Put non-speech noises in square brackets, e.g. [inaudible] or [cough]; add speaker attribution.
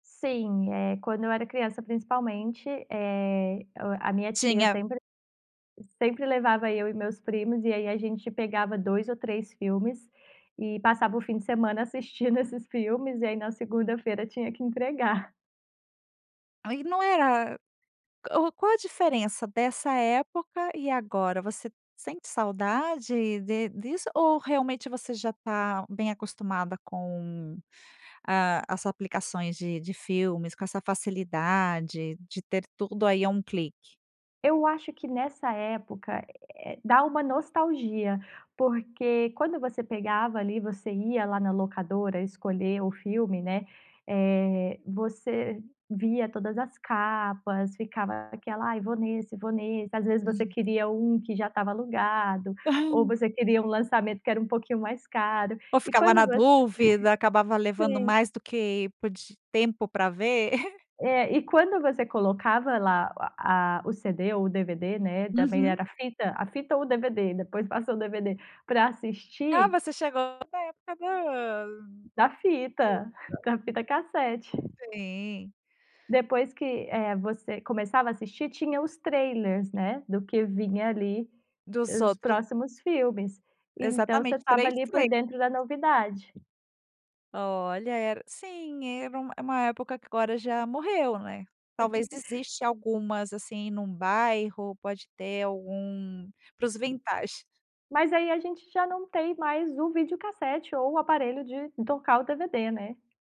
Speaker 1: Sim, eh, quando eu era criança, principalmente, eh, o a minha tia
Speaker 2: Tinha.
Speaker 1: sempre sempre levava eu e meus primos, e aí a gente pegava 2 ou 3 filmes e passava o fim de semana assistindo esses filmes, e aí na segunda-feira tinha que entregar.
Speaker 2: Aí não era o qual a diferença dessa época e agora, você sente saudade de disso, ou realmente, você já tá bem acostumada com, ah, as aplicações de de filmes, com essa facilidade de ter tudo aí, a 1 clique?
Speaker 1: Eu acho que nessa época, eh, dá uma nostalgia, porque quando você pegava, ali, você ia lá na locadora escolher o filme, né, eh, você via todas as capas, ficava aquela: "Ai, vou nesse, vou nesse", às vezes você queria um que já estava alugado, ou você queria um lançamento que era um pouquinho mais caro,
Speaker 2: Ou
Speaker 1: e
Speaker 2: ficava na
Speaker 1: quando você
Speaker 2: dúvida, acabava
Speaker 1: [laughs]
Speaker 2: levando
Speaker 1: sim.
Speaker 2: mais do que pod tempo pra ver. [laughs]
Speaker 1: É, e quando você colocava lá o a o CD ou DVD, né, também
Speaker 2: Uhum.
Speaker 1: era a fita, a fita ou DVD, depois passou o DVD, pra
Speaker 2: Ah,
Speaker 1: assistir
Speaker 2: você chegou na época do
Speaker 1: Da fita.
Speaker 2: [unintelligible]
Speaker 1: Da fita cassete.
Speaker 2: Sim.
Speaker 1: Depois que, eh, você começava a assistir, tinha os trailers, né, do que vinha ali,
Speaker 2: Dos
Speaker 1: os
Speaker 2: outros
Speaker 1: próximos filmes, então você
Speaker 2: Exatamente,
Speaker 1: estava,
Speaker 2: 3
Speaker 1: ali, por dentro
Speaker 2: [unintelligible]
Speaker 1: da novidade.
Speaker 2: Olha, era sim, era um uma época que agora já morreu, né. Talvez
Speaker 1: [laughs]
Speaker 2: existe algumas, assim, num bairro, pode ter algum para os vintage.
Speaker 1: Mas aí a gente já não tem mais o video-cassete ou o aparelho de tocar o DVD, né.